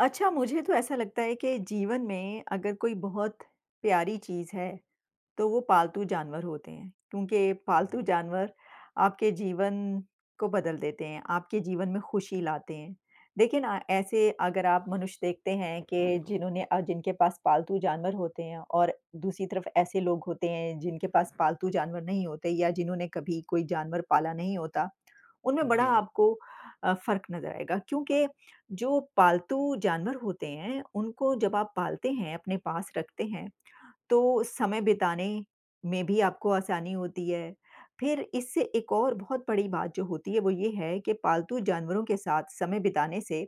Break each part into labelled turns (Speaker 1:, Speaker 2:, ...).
Speaker 1: अच्छा, मुझे तो ऐसा लगता है के जीवन में अगर कोई बहुत प्यारी चीज़ है, तो वो पालतू जानवर होते हैं क्योंकि
Speaker 2: उ,
Speaker 1: पालतू
Speaker 2: जी।
Speaker 1: जानवर आपके जीवन को बदल देते हैं, आपके जीवन में खुशी लाते हैं। देखिए ना ऐसे अगर आप मनुष्य देखते हैं कि जिन्होंने अ, जिनके पास पालतू जानवर होते हैं और दूसरी तरफ ऐसे लोग होते हैं जिनके पास पालतू जानवर नहीं होते या जिन्होंने कभी कोई जानवर पाला नहीं होता, उनमें बड़ा
Speaker 2: जी।
Speaker 1: आपको अ, फ़र्क नज़र आएगा क्योंकि जो पालतू जानवर होते हैं, उनको जब आप पालते हैं अपने पास रखते हैं, तो समय बिताने में भी आपको आसानी होती है। फिर इससे एक और बहुत बड़ी बात जो होती है वो ये है कि पालतू जानवरों के साथ समय बिताने से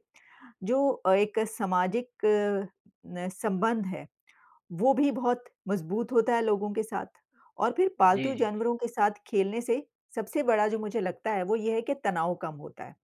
Speaker 1: जो अ, एक सामाजिक न संबंध है, वो भी बहुत मज़बूत होता है लोगों के साथ और फिर
Speaker 2: जी,
Speaker 1: पालतू
Speaker 2: जी, जी।
Speaker 1: जानवरों के साथ खेलने से सबसे बड़ा जो मुझे लगता है, वो ये है कि तनाव कम होता है।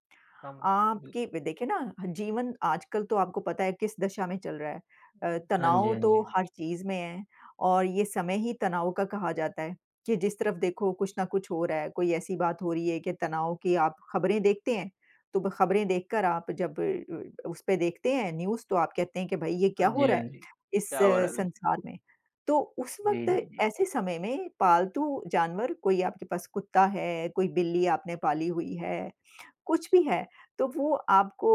Speaker 2: कम होता है,
Speaker 1: आपकी
Speaker 2: बिल्कुल।
Speaker 1: देखिए ना ह जीवन आजकल तो आपको पता है किस दिशा में चल रहा है। अ,
Speaker 2: हाँ जी,
Speaker 1: तनाव
Speaker 2: हाँ
Speaker 1: तो
Speaker 2: जी।
Speaker 1: हर चीज़ में है और ये समय ही तनाव का कहा जाता है कि, जिस तरफ देखो कुछ ना कुछ हो रहा है। कोई ऐसी बात हो रही है कि तनाव की आप खबरें देखते हैं तो ब खबरें देखकर आप जब अ, उसपे देखते हैं न्यूज़ तो आप कहते हैं कि भई, ये क्या
Speaker 2: हाँ
Speaker 1: हो
Speaker 2: जी,
Speaker 1: रहा
Speaker 2: हाँ
Speaker 1: है
Speaker 2: जी।
Speaker 1: इस
Speaker 2: क्या हो रहा है बिल
Speaker 1: संसार में। तो उस
Speaker 2: जी,
Speaker 1: वक़्त
Speaker 2: जी, जी।
Speaker 1: ऐसे समय में पालतू जानवर कोई आपके पास कुत्ता है, कोई बिल्ली आपने पाली हुई है, कुछ भी है तो वो आपको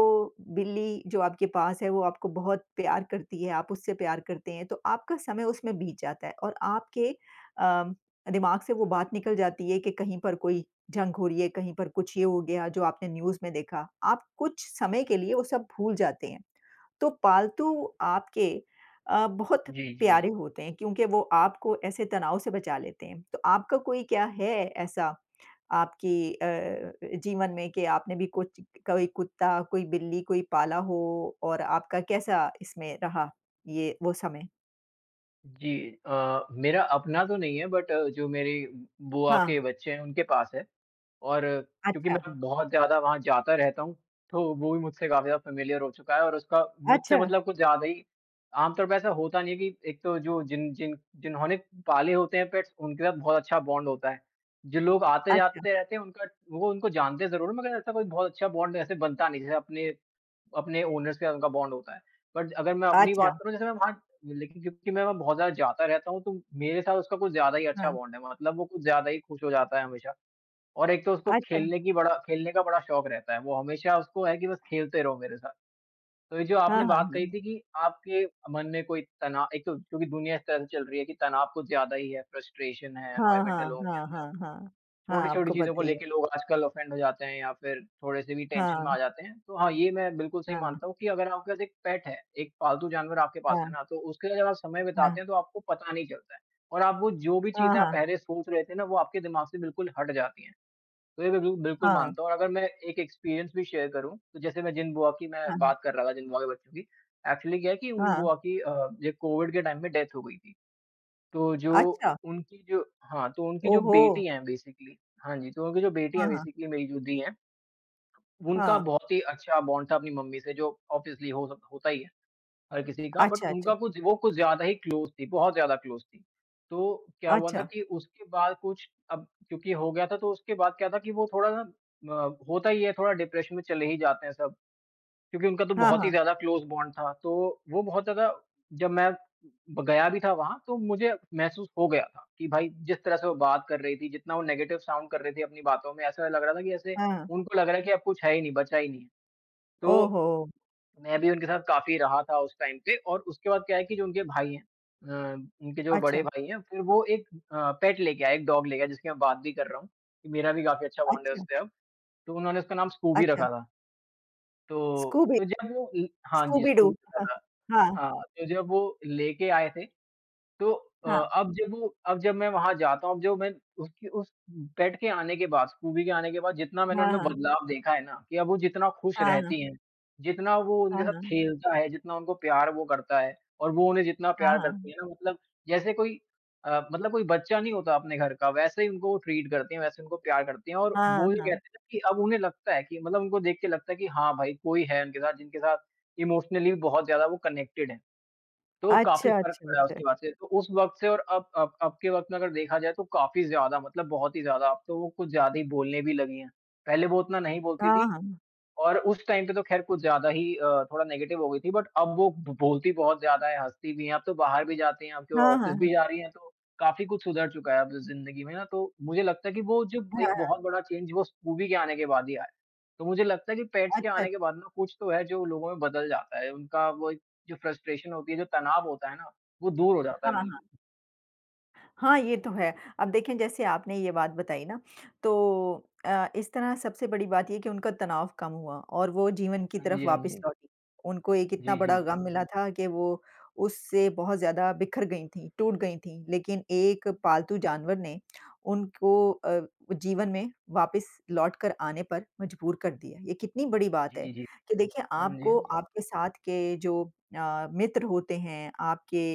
Speaker 1: बिल्ली जो आपके पास है, वो आपको बहुत प्यार करती है, आप उससे प्यार करते हैं। तो आपका समय उसमें बीत जाता है और आपके अ, दिमाग से वो बात निकल जाती है कि कहीं पर कोई जंग हो रही है, कहीं पर कुछ ये हो गया जो आपने न्यूज़ में देखा। आप कुछ समय के लिए वो सब भूल जाते हैं। तो पालतू आपके अ, बहुत
Speaker 2: जी,
Speaker 1: प्यारे
Speaker 2: जी।
Speaker 1: होते हैं क्योंकि वो आपको ऐसे तनाव से बचा लेते हैं। तो आपका कोई क्या है ऐसा आपकी अ, जीवन में कि आपने भी कुछ क कोई कुत्ता, कोई बिल्ली कोई पाला हो और आपका कैसा इसमें रहा ये वो समय?
Speaker 2: जी अ, मेरा अपना तो नहीं है, बट जो मेरी बुआ
Speaker 1: हाँ।
Speaker 2: के बच्चे हैं, उनके पास है और क्योंकि
Speaker 1: अच्छा।
Speaker 2: मैं बहुत ज़्यादा वहाँ जाता रहता हूँ, तो वो भी मुझसे काफ़ी ज़्यादा फ़ैमिलियर हो चुका है और उसका
Speaker 1: अच्छा।
Speaker 2: मुझसे मतलब कुछ ज़्यादा ही आम तौर पे ऐसा होता नहीं है कि एक तो जो जिन जिन जिन्होंने पाले होते हैं पेट्स उनके साथ बहुत अच्छा बॉन्ड होता है। जो लोग
Speaker 1: अच्छा।
Speaker 2: आते-जाते रहते हैं, उनका वो उनको जानते ज़रूर हैं, मगर ऐसा कोई बहुत अच्छा बॉन्ड ऐसे बनता नहीं जैसे अपने अपने ओनर से उनका बॉन्ड होता है, बट अगर मैं अपनी
Speaker 1: अच्छा।
Speaker 2: बात करूँ, जैसे मैं वहाँ लेकिन क्योंकि मैं वहाँ बहुत ज़्यादा जाता रहता हूँ, तो मेरे साथ उसका कुछ ज़्यादा ही अच्छा
Speaker 1: हाँ।
Speaker 2: बॉन्ड है, मतलब वो कुछ ज़्यादा ही खुश हो जाता है हमेशा और एक तो उसको
Speaker 1: अच्छा।
Speaker 2: खेलने की, बड़ा खेलने का बड़ा शौक रहता है। वो हमेशा उसको है कि बस खेलते रहो मेरे साथ, तो ये जो
Speaker 1: हाँ,
Speaker 2: आपने
Speaker 1: हाँ।
Speaker 2: बात कही
Speaker 1: हुँ।
Speaker 2: थी कि आपके मन में कोई तना एक तो क्योंकि दुनिया ऐसे-तैसे चल रही है कि तनाव कुछ ज़्यादा ही है, फ़्रस्ट्रेशन है,
Speaker 1: हाँ,
Speaker 2: अनोयमेंट है
Speaker 1: हाँ,
Speaker 2: लोगों के
Speaker 1: हाँ,
Speaker 2: अंदर।
Speaker 1: हाँ, हाँ। हाँ,
Speaker 2: छोटी-छोटी
Speaker 1: आपको
Speaker 2: चीज़ों को
Speaker 1: पता ही है।
Speaker 2: लेके लोग आजकल ऑफेंड हो जाते हैं या फिर थोड़े-से भी टेंशन में
Speaker 1: हाँ।
Speaker 2: आ जाते हैं। तो हाँ, ये मैं बिल्कुल सही
Speaker 1: हाँ।
Speaker 2: मानता हूँ कि अगर आपका पास एक पेट है। एक पालतू जानवर आपके पास है
Speaker 1: हाँ।
Speaker 2: ना, तो उसके साथ आप समय
Speaker 1: हाँ।
Speaker 2: बिताते हैं, तो आपको पता नहीं चलता है और आपको जो भी
Speaker 1: हाँ,
Speaker 2: चीज़ें आप
Speaker 1: हाँ।
Speaker 2: पहले सोच रहे थे ना, वो आपके दिमाग से बिल्कुल हट जाती हैं। तो ये तो बिल बिल्कुल
Speaker 1: हाँ।
Speaker 2: मानता हूँ और अगर मैं एक एक्सपीरियंस भी शेयर करूँ, तो जैसे मैं जिन बुआ की मैं
Speaker 1: हाँ।
Speaker 2: बात कर रहा था, जिन बुआ के बच्चों की एक्चुअली क्या है कि उन
Speaker 1: हाँ।
Speaker 2: बुआ की अ, ये कोविड के टाइम पे डेथ हो गई थी। तो जो
Speaker 1: अच्छा।
Speaker 2: उनकी जो हाँ, तो उनकी जो
Speaker 1: ओहो!
Speaker 2: बेटी हैं बेसिकली। हाँ जी, तो उनकी जो बेटी
Speaker 1: हाँ,
Speaker 2: हैं
Speaker 1: हाँ।
Speaker 2: बेसिकली मेरी जो दीदी हैं। उनका
Speaker 1: हाँ।
Speaker 2: बहुत ही अच्छा बॉन्ड था अपनी मम्मी से, जो ऑब्वियसली हो स होता ही है, हर किसी का बट
Speaker 1: अच्छा, अच्छा।
Speaker 2: उनका कुछ वो कुछ ज़्यादा ही क्लोज थी। बहुत ज़्यादा क्लोज थी, तो क्या हुआ था
Speaker 1: अच्छा।
Speaker 2: कि उसके बाद कुछ अब क्योंकि हो गया था, तो उसके बाद क्या था कि, वो थोड़ा अ, होता ही है, थोड़ा डिप्रेशन में चले ही जाते हैं सब क्योंकि उनका तो
Speaker 1: हाँ,
Speaker 2: बहुत ही
Speaker 1: हाँ।
Speaker 2: ज़्यादा क्लोज़ बॉन्ड था, तो वो बहुत ज़्यादा जब मैं ब गया भी था वहाँ, तो मुझे महसूस हो गया था कि, भाई जिस तरह से वो बात कर रही थी। जितना वो नेगेटिव साउंड कर रही थी अपनी बातों में, ऐसा लग रहा था कि ऐसे
Speaker 1: हाँ।
Speaker 2: उनको लग रहा है कि अब कुछ है ही नहीं, बचा ही नहीं है, तो
Speaker 1: ओहो!
Speaker 2: मैं भी उनके साथ काफ़ी रहा था उस टाइम पे और उसके बाद क्या है कि जो उनके भाई हैं। अ, उनके जो बड़े
Speaker 1: अच्छा।
Speaker 2: भाई हैं, फिर वो एक अ, पेट लेके आए, एक डॉग लेके आए, जिसकी मैं बात भी कर रहा हूँ कि मेरा भी काफ़ी अच्छा बॉन्ड है
Speaker 1: अच्छा।
Speaker 2: उससे अब, तो उन्होंने उसका नाम स्कूबी
Speaker 1: अच्छा।
Speaker 2: रखा था, तो
Speaker 1: स्कूबी।
Speaker 2: [unintelligible] हाँ जी,
Speaker 1: स्कूबी डू।
Speaker 2: स्कूबी रखा था।
Speaker 1: हाँ।
Speaker 2: हाँ, तो जब वो लेके आए थे, तो अ,
Speaker 1: हाँ।
Speaker 2: अब जब वो अब जब मैं वहाँ जाता हूँ, जो मैं उसकी उस पेट के आने के बाद, स्कूबी के आने के बाद, जितना मैंने
Speaker 1: हाँ,
Speaker 2: उनमें
Speaker 1: हाँ।
Speaker 2: बदलाव देखा है ना कि अब वो जितना खुश
Speaker 1: हाँ, हाँ।
Speaker 2: रहती हैं। जितना वो
Speaker 1: हाँ,
Speaker 2: उनके साथ
Speaker 1: हाँ।
Speaker 2: खेलता है, जितना उनको प्यार वो करता है और वो उन्हें जितना
Speaker 1: हाँ,
Speaker 2: प्यार करती
Speaker 1: हाँ।
Speaker 2: हैं ना, मतलब जैसे कोई अ, मतलब कोई बच्चा नहीं होता आपने घर का, वैसे ही उनको ट्रीट करती हैं। वैसे उनको प्यार करती हैं और
Speaker 1: हाँ,
Speaker 2: वो ये
Speaker 1: हाँ।
Speaker 2: कहते हैं कि अब उन्हें लगता है कि मतलब उनको देख के लगता है कि हाँ, भाई कोई है उनके साथ, जिनके साथ इमोशनली भी बहुत ज़्यादा वो कनेक्टेड हैं। तो काफ़ी
Speaker 1: अच्छा,
Speaker 2: फ़र्क
Speaker 1: अच्छा,
Speaker 2: पड़ा है
Speaker 1: अच्छा।
Speaker 2: उसके बाद से, तो उस वक़्त से और अब अब अब के वक़्त में अगर देखा जाए, तो काफ़ी ज़्यादा मतलब बहुत ही ज़्यादा अब तो वो कुछ ज़्यादा ही बोलने भी लगी हैं। पहले वो उतना नहीं बोलती
Speaker 1: हाँ,
Speaker 2: थी
Speaker 1: हाँ।
Speaker 2: और उस टाइम पे तो ख़ैर कुछ ज़्यादा ही अ, थोड़ा नेगेटिव हो गई थी, बट अब वो ब बोलती बहुत ज़्यादा हैं, हँसती भी हैं। अब तो बाहर भी जाती हैं। आपके वो
Speaker 1: हाँ, हाँ,
Speaker 2: ऑफ़िस
Speaker 1: हाँ।
Speaker 2: भी जा रही हैं, तो काफ़ी कुछ सुधर चुका है अब ज़िंदगी में ना, तो मुझे लगता है कि वो जो
Speaker 1: हाँ,
Speaker 2: एक
Speaker 1: हाँ।
Speaker 2: बहुत बड़ा चेंज वो स्कूबी के आने के बाद ही आया। तो मुझे लगता है कि पेट्स के
Speaker 1: अच्छा अच
Speaker 2: आने के बाद ना कुछ तो है जो लोगों में बदल जाता है। उनका वो एक जो फ़्रस्ट्रेशन होती है, जो तनाव होता है ना, वो दूर हो जाता
Speaker 1: हाँ,
Speaker 2: है
Speaker 1: हाँ।
Speaker 2: बिल्कुल।
Speaker 1: हाँ, ये तो है। अब देखें, जैसे आपने ये बात बताई ना, तो अ, इस तरह सबसे बड़ी बात ये है कि उनका तनाव कम हुआ और वो जीवन की
Speaker 2: हाँ
Speaker 1: तरफ
Speaker 2: जी, हाँ
Speaker 1: वापस
Speaker 2: जी।
Speaker 1: लौटी। उनको एक इतना
Speaker 2: जी, जी,
Speaker 1: बड़ा
Speaker 2: जी।
Speaker 1: गम मिला था कि वो उससे बहुत ज़्यादा बिखर गई थीं, टूट गई थीं। लेकिन एक पालतू जानवर ने उनको अ, जीवन में वापिस लौट कर आने पर मजबूर कर दिया। ये कितनी बड़ी बात है
Speaker 2: जी, जी।
Speaker 1: कि देखिए
Speaker 2: हाँ जी,
Speaker 1: आपको,
Speaker 2: हाँ।
Speaker 1: आपके साथ के जो अ, मित्र होते हैं, आपके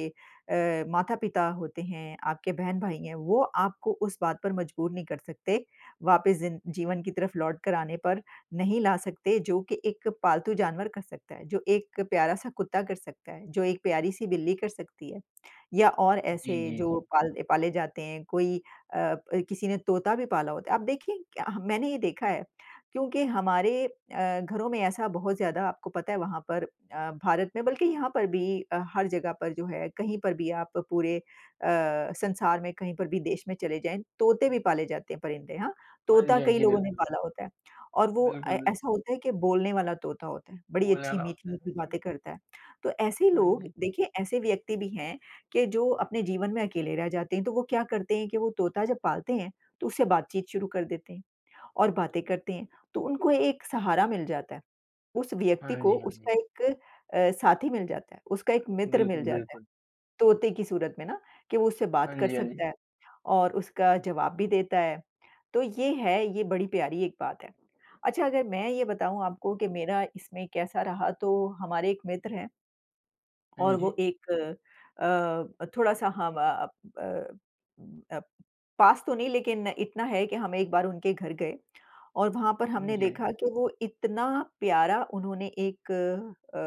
Speaker 1: अ, माता-पिता होते हैं, आपके बहन-भाई हैं, वो आपको उस बात पर मजबूर नहीं कर सकते, वापिस जिन जीवन की तरफ लौट कर आने पर नहीं ला सकते, जो कि एक पालतू जानवर कर सकता है। जो एक प्यारा-सा कुत्ता कर सकता है, जो एक प्यारी-सी बिल्ली कर सकती है या और
Speaker 2: जी,
Speaker 1: ऐसे
Speaker 2: जी,
Speaker 1: जो
Speaker 2: जी।
Speaker 1: पाल दे पाले जाते हैं। कोई अ अ, किसी ने तोता भी पाला होता है। आप देखें, क्या हम मैंने ये देखा है क्योंकि हमारे अ, घरों में ऐसा बहुत ज़्यादा आपको पता है वहाँ पर अ, भारत में बल्कि यहाँ पर भी अ, हर जगह पर जो है, कहीं पर भी आप पूरे अ, संसार में कहीं पर भी देश में चले जाएँ, तोते भी पाले जाते हैं, परिंदे हाँ,
Speaker 2: हाँ
Speaker 1: तोता
Speaker 2: जी, हाँ
Speaker 1: कई
Speaker 2: जी।
Speaker 1: लोगों ने
Speaker 2: बिल्कुल।
Speaker 1: पाला होता है और वो अ,
Speaker 2: बिल्कुल, बिल
Speaker 1: ऐसा होता है कि बोलने वाला तोता होता है। बड़ी
Speaker 2: बोलने
Speaker 1: अच्छी
Speaker 2: वाला होता है। हाँ,
Speaker 1: मीठी-मीठी
Speaker 2: जी।
Speaker 1: बातें करता है। तो ऐसे
Speaker 2: हाँ
Speaker 1: लोग
Speaker 2: जी।
Speaker 1: देखिए, ऐसे व्यक्ति भी हैं कि जो अपने जीवन में अकेले रह जाते हैं, तो वो क्या करते हैं कि वो तोता जब पालते हैं, तो उससे बातचीत शुरू कर देते हैं और बातें करते हैं, तो उनको एक सहारा मिल जाता है, उस व्यक्ति
Speaker 2: हाँ
Speaker 1: को
Speaker 2: जी, हाँ
Speaker 1: उसका
Speaker 2: जी।
Speaker 1: एक अ, साथी मिल जाता है, उसका एक मित्र मिल
Speaker 2: बिल्कुल,
Speaker 1: जाता है।
Speaker 2: बिल्कुल।
Speaker 1: तोते की सूरत में ना कि वो उससे बात
Speaker 2: हाँ
Speaker 1: कर
Speaker 2: जी, हाँ जी।
Speaker 1: सकता है और उसका जवाब भी देता है। तो ये है, ये बड़ी प्यारी एक बात है। अच्छा अगर मैं ये बताऊँ आपको कि मेरा इसमें कैसा रहा, तो हमारे एक मित्र हैं और
Speaker 2: हाँ जी।
Speaker 1: वो एक अ अ, थोड़ा-सा हाँ ब अ, ब अ, पास तो नहीं लेकिन इतना है कि हम एक बार उनके घर गए और वहाँ पर
Speaker 2: हुँ
Speaker 1: हमने
Speaker 2: जी, हाँ
Speaker 1: देखा
Speaker 2: जी।
Speaker 1: कि वो इतना प्यारा उन्होंने एक अ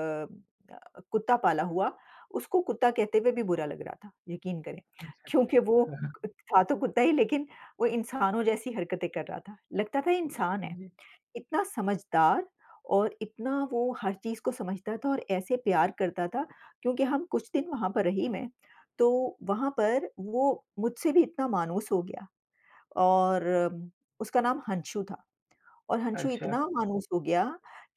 Speaker 1: अ, कुत्ता पाला हुआ। उसको कुत्ता कहते हुए भी बुरा लग रहा था, यकीन करें,
Speaker 2: अच्छा।
Speaker 1: क्योंकि वो अ, था तो कुत्ता ही लेकिन वो इंसानों जैसी हरकतें कर रहा था। लगता था इंसान
Speaker 2: हाँ,
Speaker 1: है,
Speaker 2: जी।
Speaker 1: इतना समझदार और इतना वो हर चीज़ को समझता था और ऐसे प्यार करता था क्योंकि हम कुछ दिन वहाँ पर रही मैं, तो वहाँ पर वो मुझसे भी इतना मानुस हो गया और उसका नाम हंशू था और हंशू
Speaker 2: अच्छा।
Speaker 1: इतना मानुस हो गया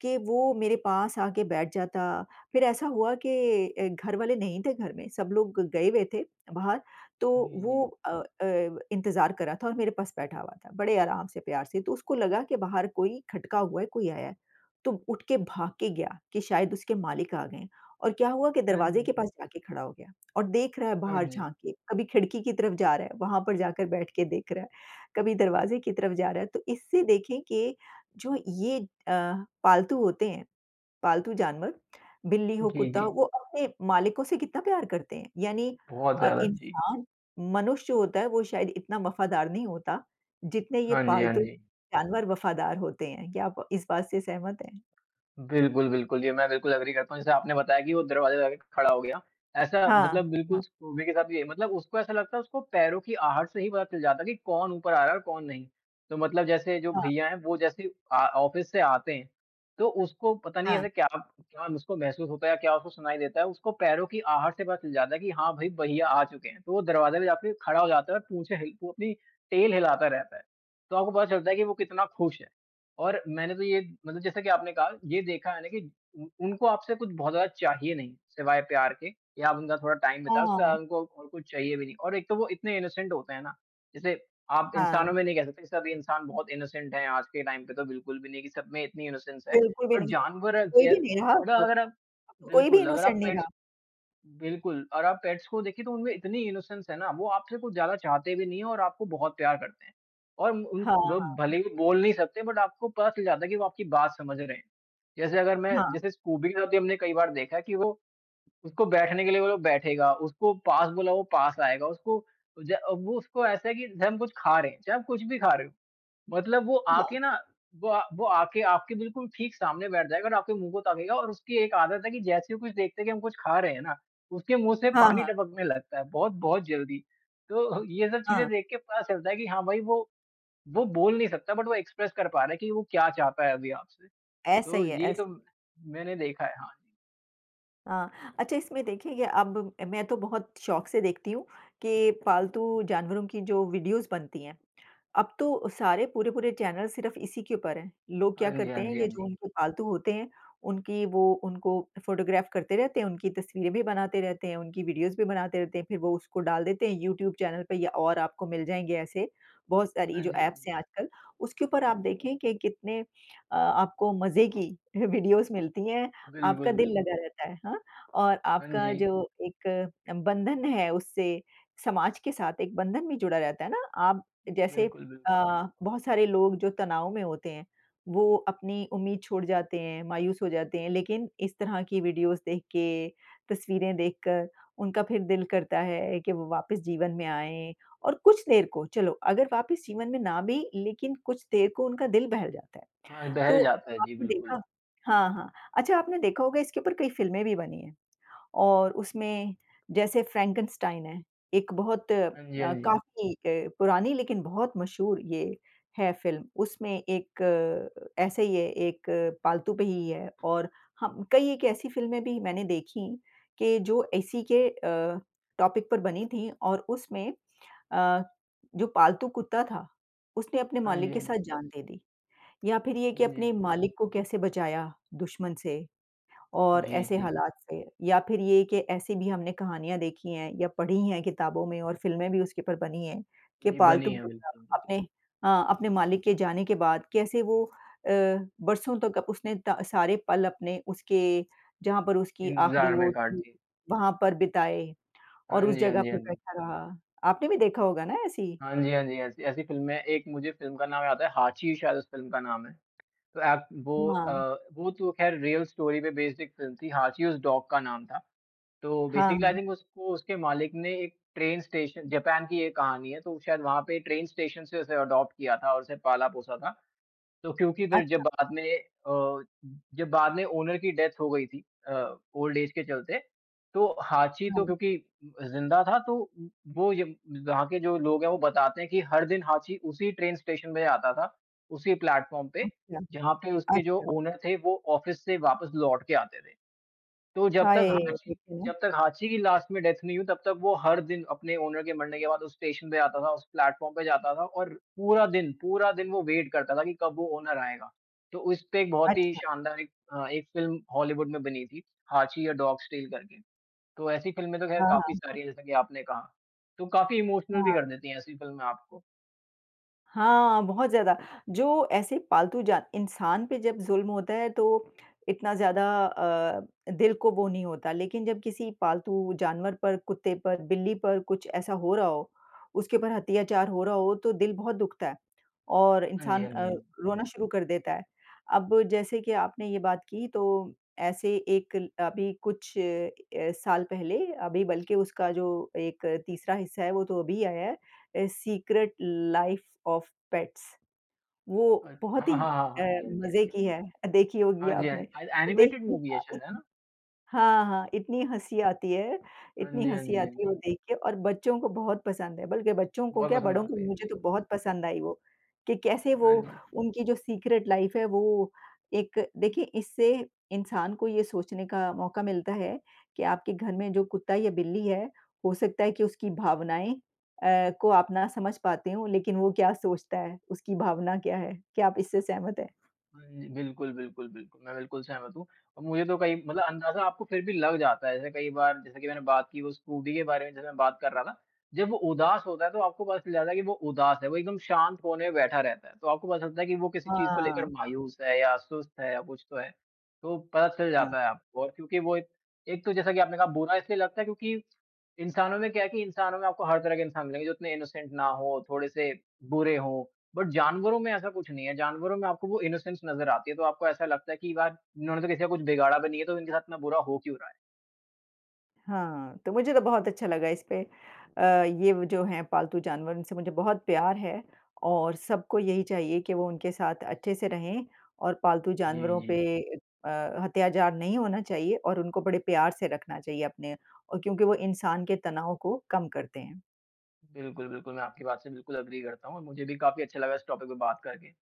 Speaker 1: कि वो मेरे पास आके बैठ जाता, फिर ऐसा हुआ कि अ, घर वाले नहीं थे। घर में सब लोग गए हुए थे बाहर, तो
Speaker 2: जी,
Speaker 1: वो
Speaker 2: जी।
Speaker 1: अ अ, इंतज़ार कर रहा था और मेरे पास बैठा हुआ था, बड़े आराम से प्यार से, तो उसको लगा कि बाहर कोई खटका हुआ है, कोई आया है, तो उठ के भाग के गया कि शायद उसके मालिक आ गए हैं और क्या हुआ कि
Speaker 2: हाँ,
Speaker 1: दरवाज़े
Speaker 2: जी।
Speaker 1: के
Speaker 2: हाँ,
Speaker 1: पास
Speaker 2: जी।
Speaker 1: जाके खड़ा हो गया और देख रहा है
Speaker 2: हाँ
Speaker 1: बाहर
Speaker 2: जी।
Speaker 1: झाँक के। कभी खिड़की की तरफ जा रहा है, वहाँ पर जाकर बैठ के देख रहा है, कभी दरवाज़े की तरफ जा रहा है, तो इससे देखें कि जो ये अ, पालतू होते हैं, पालतू जानवर बिल्ली हो,
Speaker 2: जी,
Speaker 1: कुत्ता हो,
Speaker 2: जी।
Speaker 1: वो अपने मालिकों से कितना प्यार करते हैं। यानी
Speaker 2: बहुत
Speaker 1: अ,
Speaker 2: ज़्यादा, जी।
Speaker 1: इंसान मनुष्य होता है, वो शायद इतना वफ़ादार नहीं होता, जितने ये
Speaker 2: हाँ जी, हाँ जी।
Speaker 1: पालतू-जानवर वफ़ादार होते हैं। क्या आप इस बात से सहमत हैं?
Speaker 2: बिल्कुल, बिल्कुल। ये मैं बिल्कुल एग्री करता हूँ। जैसे आपने बताया कि वो दरवाज़े पे जा के खड़ा हो गया। ऐसा
Speaker 1: हाँ,
Speaker 2: मतलब
Speaker 1: हाँ।
Speaker 2: बिल्कुल स्कूबी के साथ भी यही मतलब उसको ऐसा लगता है, उसको पैरों की आहट से ही पता चल जाता है कि कौन ऊपर आ रहा है और कौन नहीं? तो मतलब जैसे जो
Speaker 1: हाँ।
Speaker 2: भैया हैं, वो जैसे अ, ऑफ़िस से आते हैं, तो उसको पता नहीं
Speaker 1: हाँ।
Speaker 2: ऐसे क्या-क्या उसको महसूस होता है या क्या उसको सुनाई देता है? उसको पैरों की आहट से पता चल जाता है कि हाँ भई, भाईया आ चुके हैं। तो वो दरवाज़े पे जाके खड़ा हो जाता है और पूछें हैं ही वो अपनी टेल हिलाता रहता है, तो आपको पता चलता है कि वो कितना खुश है और मैंने तो ये मतलब जैसे कि आपने कहा, ये देखा मैंने कि उ उनको आपसे कुछ बहुत ज़्यादा चाहिए नहीं, सिवाय प्यार के या आप उनका थोड़ा टाइम बिताए। उससे ज़्यादा
Speaker 1: हाँ।
Speaker 2: उनको कुछ चाहिए भी नहीं और एक तो वो इतने इनोसेंट होते हैं ना। जैसे आप
Speaker 1: हाँ।
Speaker 2: इंसानों में नहीं कह सकते सभी इंसान बहुत इनोसेंट हैं आज के टाइम पे, तो बिल्कुल भी नहीं कि सब में इतनी इनोसेंस है,
Speaker 1: बिल्कुल भी
Speaker 2: बट
Speaker 1: नहीं।
Speaker 2: जानवर
Speaker 1: कोई
Speaker 2: ज
Speaker 1: भी नहीं रहा अब
Speaker 2: बट
Speaker 1: तो।
Speaker 2: अगर आप
Speaker 1: कोई भी
Speaker 2: बिल्कुल अगर
Speaker 1: इनोसेंट
Speaker 2: आप
Speaker 1: नहीं
Speaker 2: पेट्स
Speaker 1: रहा।
Speaker 2: बिल्कुल और आप पेट्स को देखिए, तो उनमें इतनी इनोसेंस है ना। वो आपसे कुछ ज़्यादा चाहते भी नहीं है और आपको बहुत प्यार करते हैं और उन
Speaker 1: हाँ,
Speaker 2: ब
Speaker 1: हाँ।
Speaker 2: भले ही बोल नहीं सकते, बट आपको पता चल जाता है कि वो आपकी बात समझ रहे हैं। जैसे अगर मैं
Speaker 1: हाँ।
Speaker 2: जैसे स्कूबी के साथ भी हमने कई बार देखा है कि वो उसको बैठने के लिए बोलो, बैठेगा। उसको पास बुलाओ, वो पास आएगा। उसको ज अब वो उसको ऐसा है कि जब हम कुछ खा रहे हैं, चाहे आप कुछ भी खा रहे हो मतलब वो
Speaker 1: हाँ।
Speaker 2: आके ना वो अ, वो आके आपके बिल्कुल ठीक सामने बैठ जाएगा और आपके मुँह को ताकेगा और उसकी एक आदत है कि जैसे ही वो कुछ देखता है कि हम कुछ खा रहे हैं ना, उसके मुँह से
Speaker 1: हाँ,
Speaker 2: पानी
Speaker 1: हाँ।
Speaker 2: टपकने लगता है बहुत-बहुत जल्दी। तो ये सब चीज़ें
Speaker 1: हाँ।
Speaker 2: देख के पता चलता है कि हाँ भाई वो वो बोल नहीं सकता बट वो एक्सप्रेस कर पा रहा है कि वो क्या चाहता है अभी आपसे।
Speaker 1: ऐसा
Speaker 2: तो
Speaker 1: ही है,
Speaker 2: ये तो
Speaker 1: ऐसे।
Speaker 2: मैंने देखा है। हाँ, जी।
Speaker 1: अ, अच्छा इसमें देखिए, ये अब ब मैं तो बहुत शौक से देखती हूँ कि पालतू जानवरों की जो वीडियोज़ बनती हैं, अब तो सारे पूरे-पूरे चैनल सिर्फ इसी के ऊपर हैं। लोग क्या
Speaker 2: हाँ जी,
Speaker 1: करते
Speaker 2: हाँ
Speaker 1: हैं,
Speaker 2: जी, हाँ
Speaker 1: ये जो
Speaker 2: जी।
Speaker 1: उनके पालतू होते हैं, उनकी वो उनको फोटोग्राफ करते रहते हैं, उनकी तस्वीरें भी बनाते रहते हैं, उनकी वीडियोज़ भी बनाते रहते हैं, फिर वो उसको डाल देते हैं यूट्यूब चैनल पे। ये और आपको मिल जाएँगे ऐसे बहुत सारी
Speaker 2: हाँ
Speaker 1: जो
Speaker 2: जी, हाँ
Speaker 1: ऐप्स
Speaker 2: जी।
Speaker 1: हैं आजकल, उसके ऊपर आप देखें कि कितने अ, आपको मज़े की अ, वीडियोज़ मिलती हैं,
Speaker 2: बिल्कुल,
Speaker 1: आपका दिल
Speaker 2: बिल
Speaker 1: लगा रहता है। हाँ, और
Speaker 2: हाँ
Speaker 1: आपका
Speaker 2: जी।
Speaker 1: जो एक अ, बंधन है उससे समाज के साथ एक बंधन भी जुड़ा रहता है ना। आप
Speaker 2: उम,
Speaker 1: जैसे
Speaker 2: बिल्कुल, बिल्कुल।
Speaker 1: अ, बहुत सारे लोग जो तनाव में होते हैं, वो अपनी उम्मीद छोड़ जाते हैं, मायूस हो जाते हैं, लेकिन इस तरह की वीडियोज़ देख के, तस्वीरें देखकर, उनका फिर दिल करता है कि वो वापस जीवन में आएँ। और कुछ देर को, चलो अगर वापस जीवन में ना भी, लेकिन कुछ देर को उनका दिल बहल जाता है।
Speaker 2: हाँ,
Speaker 1: तो
Speaker 2: दहल जाता है। जी,
Speaker 1: आपने
Speaker 2: बिल्कुल।
Speaker 1: देखा हाँ, हाँ। अच्छा आपने देखा होगा इसके ऊपर कई फ़िल्में भी बनी हैं और उसमें जैसे फ्रैंकनस्टाइन है, एक बहुत अ,
Speaker 2: हाँ जी, हाँ जी।
Speaker 1: काफ़ी अ, पुरानी, लेकिन बहुत मशहूर ये है फ़िल्म। उसमें एक ऐसे ही है, एक पालतू पे ही है और हम कई एक ऐसी फ़िल्में भी मैंने देखी कि जो इसी के अ, टॉपिक पर बनी थीं, और उसमें अ, जो पालतू कुत्ता था, उसने अपने
Speaker 2: हाँ जी,
Speaker 1: मालिक के
Speaker 2: हाँ जी।
Speaker 1: साथ जान दे दी। या फिर ये
Speaker 2: हाँ
Speaker 1: कि
Speaker 2: जी, हाँ
Speaker 1: अपने
Speaker 2: जी।
Speaker 1: मालिक को कैसे बचाया दुश्मन से, और
Speaker 2: जी,
Speaker 1: ऐसे
Speaker 2: जी, जी।
Speaker 1: हालात से। या फिर ये कि ऐसी भी हमने कहानियाँ देखी हैं या पढ़ी हैं किताबों में और फ़िल्में भी उसके ऊपर बनी हैं कि
Speaker 2: जी,
Speaker 1: पालतू
Speaker 2: बनी है,
Speaker 1: कुत्ता
Speaker 2: बिल्कुल, बिल्कुल।
Speaker 1: अपने हाँ, अपने मालिक के जाने के बाद कैसे वो अ, बरसों तक अप उसने द सारे पल अपने, उसके जहाँ पर उसकी आखिरी
Speaker 2: इंतज़ार
Speaker 1: वो
Speaker 2: में काट
Speaker 1: थी,
Speaker 2: दी।
Speaker 1: वहाँ पर बिताए और
Speaker 2: हाँ
Speaker 1: उस
Speaker 2: जी, हाँ
Speaker 1: जगह
Speaker 2: जी,
Speaker 1: पर
Speaker 2: हाँ जी।
Speaker 1: बैठा रहा। आपने भी देखा होगा ना ऐसी?
Speaker 2: हाँ जी, हाँ जी, ऐसी ऐसी फ़िल्में एक मुझे फ़िल्म का नाम याद आता है, हाँची शायद उस फ़िल्म का नाम है। तो ऐप वो
Speaker 1: हुँ, आ
Speaker 2: अ, वो तो खैर रियल स्टोरी पे बेस्ड एक फ़िल्म थी, हाँची उस डॉग का नाम था। तो
Speaker 1: हाँ,
Speaker 2: बेसिकली आई
Speaker 1: हाँ।
Speaker 2: थिंक उसको उसके मालिक ने एक ट्रेन स्टेशन जापान की ये कहानी है, तो शायद वहाँ पे ट्रेन स्टेशन से उसे अडॉप्ट किया था और उसे पाला-पोसा था। तो क्योंकि फिर
Speaker 1: अच्छा।
Speaker 2: जब बाद में अ, जब बाद में ओनर की डेथ हो गई थी अ, ओल्ड एज के चलते। तो हाँची तो
Speaker 1: हाँ।
Speaker 2: क्योंकि अ, ज़िंदा था तो उ वो य वहाँ के जो लोग हैं, वो बताते हैं कि हर दिन हाँची उसी ट्रेन स्टेशन पे आता था, उसी प्लेटफॉर्म पे,
Speaker 1: अच्छा।
Speaker 2: जहाँ पे उसके जो
Speaker 1: अच्छा।
Speaker 2: ओनर थे, वो ऑफिस से वापस लौट के आते थे। तो जब तक
Speaker 1: हाए!
Speaker 2: हाँची,
Speaker 1: देख रहीं हूँ।
Speaker 2: जब तक हाँची की लास्ट में डेथ नहीं हुई, तब तक वो हर दिन अपने ओनर के मरने के बाद उस स्टेशन पे आता था, उस प्लेटफॉर्म पे जाता था, और पूरा दिन, पूरा दिन वो वेट करता था कि कब वो ओनर आएगा। तो उसपे एक बहुत ही
Speaker 1: अच्छा।
Speaker 2: शानदार एक अ, एक फ़िल्म हॉलीवुड में बनी थी, हाँची या डॉग स्टेल करके। तो ऐसी फ़िल्में तो ख़ैर
Speaker 1: हाँ,
Speaker 2: काफ़ी
Speaker 1: हाँ।
Speaker 2: सारी हैं जैसा कि आपने कहा। तो काफ़ी इमोशनल भी
Speaker 1: हाँ।
Speaker 2: कर देती हैं ऐसी फ़िल्में आपको।
Speaker 1: हाँ, बहुत ज़्यादा। जो ऐसे पालतू जान इंसान पे जब ज़ुल्म होता है तो इतना ज़्यादा अ अ, दिल को वो नहीं होता। लेकिन जब किसी पालतू जानवर पर, कुत्ते पर, बिल्ली पर कुछ ऐसा हो रहा हो, उसके ऊपर अत्याचार हो रहा हो तो दिल बहुत दुखता है और
Speaker 2: हाँ जी,
Speaker 1: इंसान
Speaker 2: हाँ
Speaker 1: अ,
Speaker 2: जी।
Speaker 1: रोना शुरू कर देता है। अब जैसे कि आपने ये बात की तो ऐसे एक ल अभी कुछ अ, साल पहले अभी बल्कि उसका जो एक तीसरा हिस्सा है वो तो अभी आया है a secret life of pets. वो
Speaker 2: अ,
Speaker 1: बहुत
Speaker 2: हाँ, हाँ,
Speaker 1: ही
Speaker 2: हाँ,
Speaker 1: अ,
Speaker 2: हाँ जी, हाँ जी, हाँ
Speaker 1: मज़े
Speaker 2: जी, हाँ जी।
Speaker 1: की है। अ, देखी होगी
Speaker 2: हाँ जी, हाँ
Speaker 1: आपने,
Speaker 2: जी। आय
Speaker 1: वो
Speaker 2: एनिमेटेड
Speaker 1: देखने
Speaker 2: मूवी है
Speaker 1: का
Speaker 2: शायद, है
Speaker 1: इतन
Speaker 2: ना?
Speaker 1: हाँ, हाँ, इतनी हँसी आती है,
Speaker 2: हाँ
Speaker 1: इतनी
Speaker 2: जी, हाँ
Speaker 1: हँसी
Speaker 2: जी, हाँ
Speaker 1: आती है वो
Speaker 2: जी।
Speaker 1: देख के और बच्चों को बहुत पसंद है। बल्कि बच्चों को
Speaker 2: बहुत
Speaker 1: क्या
Speaker 2: पसंद
Speaker 1: बड़ों को
Speaker 2: आती
Speaker 1: भी।
Speaker 2: है
Speaker 1: मुझे तो
Speaker 2: बिल्कुल।
Speaker 1: बहुत पसंद आई वो, कि कैसे वो
Speaker 2: हाँ जी।
Speaker 1: उनकी जो सीक्रेट लाइफ़ है वो एक देखिए इससे इंसान को ये सोचने का मौका मिलता है कि आपके घर में जो कुत्ता या बिल्ली है, हो सकता है कि उसकी भावनाएँ अ, को आप ना समझ पाते हों लेकिन वो क्या सोचता है, उसकी भावना क्या है, क्या आप इससे सहमत हैं?
Speaker 2: हाँ जी, बिल्कुल, बिल्कुल, बिल्कुल। मैं बिल्कुल सहमत हूँ और मुझे तो कई मतलब अंदाज़ा आपको फिर भी लग जाता है। जैसे कई बार जैसे कि मैंने बात की वो स्कूटी के बारे में जैसे मैं बात कर रहा ना। जब वो उदास होता है तो आपको पता चल जाता है कि वो उदास है, वो एकदम शांत कोने में बैठा रहता है। तो आपको पता चलता है कि वो किसी चीज़ को लेकर
Speaker 1: हाँ।
Speaker 2: मायूस है या सुस्त है या कुछ तो है। तो पता चल
Speaker 1: हाँ।
Speaker 2: जाता है आपको और क्योंकि वो एक एक तो जैसा कि आपने कहा बुरा इसलिए लगता है क्योंकि इंसानों में क्या है कि इंसानों में आपको हर तरह के इंसान मिलेंगे जो इतने इनोसेंट ना हों, थोड़े-से बुरे हों बट जानवरों में ऐसा कुछ नहीं है। जानवरों में आपको वो इनोसेंस नज़र आती है तो आपको ऐसा लगता है कि यार, इन्होंने तो किसी का कुछ बिगाड़ा भी नहीं है तो इनके साथ इतना बुरा हो क्यों रहा है।
Speaker 1: हाँ, तो मुझे तो बहुत अच्छा लगा इसपे अ, ये व जो हैं पालतू जानवर इनसे मुझे बहुत प्यार है और सबको यही चाहिए कि वो उनके साथ अच्छे से रहें और पालतू
Speaker 2: जी,
Speaker 1: जानवरों पे
Speaker 2: जी, जी।
Speaker 1: ए अ, अत्याचार नहीं होना चाहिए और उनको बड़े प्यार से रखना चाहिए अपने और क्योंकि वो इंसान के तनाव को कम करते हैं।
Speaker 2: बिल्कुल, बिल्कुल। मैं आपकी बात से बिल्कुल एग्री करता हूँ और मुझे भी काफ़ी अच्छा लगा इस टॉपिक पे बात करके।